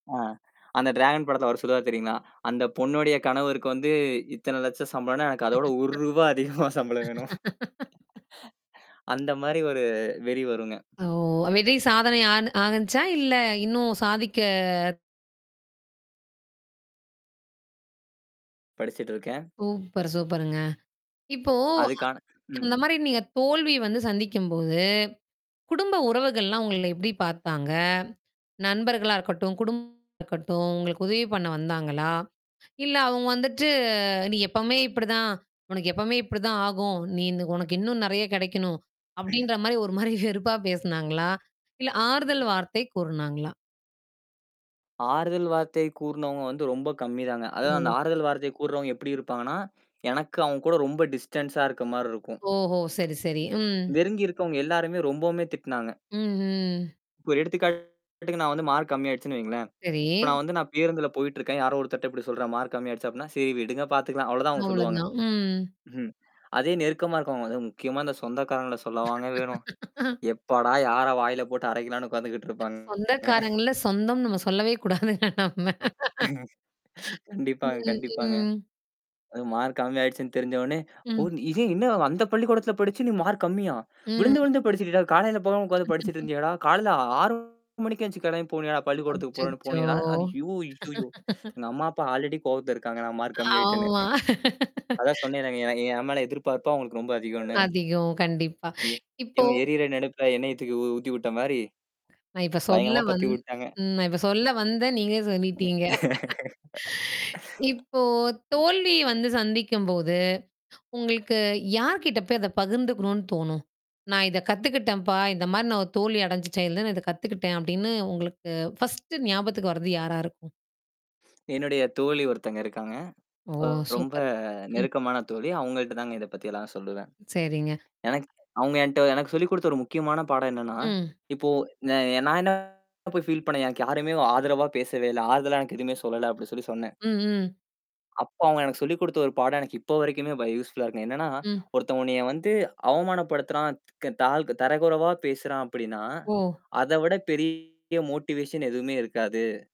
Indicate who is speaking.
Speaker 1: அ. அந்த ட்ராகன் படத்துல அவர் சொல்வார் தெரியுங்களா? அந்தப் பொண்ணோடய கணவருக்கு வந்து, இத்தன லட்சம் சம்பளம்னா, எனக்கு அத விட 1 ரூபா அதிகமா சம்பளம் வேணும். அந்த மாதிரி ஒரு வெறி வருங்க.
Speaker 2: ஓ. விதை சாதனை ஆனு ஆகிச்சா இல்ல இன்னும் சாதிக்க
Speaker 1: படிச்சிட்டுருக்கேன்.
Speaker 2: சூப்பர், சூப்பருங்க. இப்போ
Speaker 1: அதுக்கான
Speaker 2: அந்
Speaker 1: ம்.
Speaker 2: அந்த மாரி நீங்கத் தோல்வி வந்து சந்திக்கும்போது, குடும்ப உறவுகள்லாம் உங்கள எப்படி பார்த்தாங்க? நண்பர்களா இருக்கட்டும், குடும்பமா இருக்கட்டும், உங்களுக்கு உதவி பண்ண வந்தாங்களா? இல்ல அவங்க வந்துட்டு, நீ எப்பவுமே இப்படி தான். உனக்கு எப்பவுமே இப்படி தான் ஆகும். நீ இந்த உனக்கு இன்னும் நிறைய கிடைக்கணும், அப்படின்ற மாரி, ஒரு மாரி வெறுப்பா பேசுனாங்களா? இல்ல ஆறுதல் வார்த்தை கூறுனாங்களா?
Speaker 1: ஆறுதல் வார்த்தை கூறுனவங்க வந்து ரொம்ப கம்மிதாங்க. அதாவது அந்த
Speaker 2: ஓ.
Speaker 1: ஆறுதல் வார்த்தை கூறவங்க எப்படி இருப்பாங்கன்னா, எனக்கு அவங்க கூட ரொம்ப டிஸ்டண்ஸா இருக்க மாரி இருக்கும்.
Speaker 2: ஓஹோ. சரி, சரி. ம்
Speaker 1: நெருங்கி இருக்கவங்க எல்லாருமே ரொம்பவுமே திட்டுனாங்க.
Speaker 2: ம்ஹ்ம்.
Speaker 1: இப்போ ஒரு எடுத்துக்காட்டுக்கு, நான் வந்து மார்க் கம்மியாயிடுச்சுன்னு வையுங்களேன். இப்போ நான்
Speaker 2: சரி.
Speaker 1: வந்து நான் பேருந்துல போயிட்டு இருக்கேன். யாரோ ஒருத்தர் அப்படி சொல்றாங்க. மார்க் கம்மியா ஆயிடுச்சு அப்படின்னா, சரி விடுங்க பாத்துக்கலாம். அவ்ளோ தான் அவங்க
Speaker 2: அவ்ளோ
Speaker 1: சொல்லுவாங்க.
Speaker 2: தான். ம்.
Speaker 1: ம்ஹ்ம். அதே நெருக்கமா இருக்கவங்க, அது முக்கியமா அந்தச் சொந்தக்காரங்கள சொல்ல வாங்க வேணும். எப்பாடா, யார வாயில போட்டு அரைக்கலாம்னு உக்காந்துகிட்டுருப்பா.
Speaker 2: சொந்தக்காரங்கள சொந்தம்ன்னு நம்ம சொல்லவே கூடாதுங்க நம்ம
Speaker 1: கண்டிப்பாங்க,
Speaker 2: ம்,
Speaker 1: கண்டிப்பாங்க.
Speaker 2: ம்.
Speaker 1: அதும் மார்க் கம்மியாயிடுச்சுன்னு தெரிஞ்சவுடனே, ஓ,
Speaker 2: ம்.
Speaker 1: இதே என்ன அந்தப் பள்ளிக்கூடத்துல படிச்சு நீ மார்க் கம்மியா?
Speaker 2: ம்.
Speaker 1: விழுந்து விழுந்து படிச்சிட்டுடா, காலையில போகாம உட்கார்ந்து படிச்சிட்டு இருந்தியாடா? காலையில 6 மணிக்கே எந்திருச்சு கிளம்பி போனியாடா பள்ளிக்கூடத்துக்கு போறேன்னு
Speaker 2: அச்சச்சோ.
Speaker 1: போனியாடா? ஐயோ, ஐயையோ. எங்க அம்மா, அப்பா ஆல்ரெடி கோவத்துல இருக்காங்க, நான் மார்க் கம்மி ஆயிட்டேன்னு.
Speaker 2: ஆமா.
Speaker 1: அதான் சொன்னேன்லங்க, என் என் மேல எதிர்பார்ப்பு அவங்களுக்கு ரொம்ப அதிகன்னு.
Speaker 2: அதிகம். கண்டிப்பா.
Speaker 1: எ
Speaker 2: இப்போ
Speaker 1: இவங்க எரியிற நெருப்புல எண்ணெய தூக்கி உ ஊத்திவிட்ட மாரி
Speaker 2: நான் இப்ப சொல்ல
Speaker 1: பயங்கரமா
Speaker 2: வந்
Speaker 1: பத்தி வுட்டாங்க.
Speaker 2: ம். நான் இப்ப சொல்ல வந்தேன், நீங்களே சொல்லிட்டீங்க. இப்போ, தோல்வி வந்து சந்திக்கும்போது, உங்களுக்கு யார்கிட்ட போய் அத பகிர்ந்துக்கணும்னு தோணும். நான் இத கத்துக்கிட்டம்ப்பா. இந்த மாரி ஒரு தோல்வி அடைஞ்சுட்டேன் தான், இதக் கத்துக்கிட்டேன் அப்படின்னு உங்களுக்கு 1 ஞாபகத்துக்கு வரது யாரா இருக்கும்?
Speaker 1: என்னுடைய தோழி ஒருத்தங்க இருக்காங்க.
Speaker 2: ஓ,
Speaker 1: ரொம்ப
Speaker 2: சூப்பர். ம்.
Speaker 1: நெருக்கமான தோழி. அவங்கள்ட்டதாங்க இதைப் பத்தி எல்லாம் சொல்லுவேன்.
Speaker 2: சரிங்க.
Speaker 1: எனக்கு அவங்க என்ட்ட எனக்குச் சொல்லிக் கொடுத்த ஒரு முக்கியமான பாடம் என்னன்னா,
Speaker 2: ம்.
Speaker 1: இப்போ நா நான் என்ன போய் ஃபீல் பண்ணேன், எனக்கு யாருமே ஆதரவா பேசவே இல்ல. ஆறுதல எனக்கு எதுவுமே சொல்லல அப்படி சொல்லி சொன்னேன்.
Speaker 2: ம், ம்.
Speaker 1: அப்ப அவங்க எனக்குச் சொல்லிக் கொடுத்த ஒரு பாடம் எனக்கு இப்ப வரைக்குமே வ யூஸ்ஃபுல்லா இருக்கு. என்னன்னா,
Speaker 2: ம்.
Speaker 1: ஒருத்தன் உன்னைய வந்து அவமானப்படுத்துறான், தக் தா த தரகுறைவா பேசுறான் அப்படின்னா,
Speaker 2: ஓ.
Speaker 1: அத விட பெரிய மொட்டிவேஷன் எதுவுமே இருக்காது.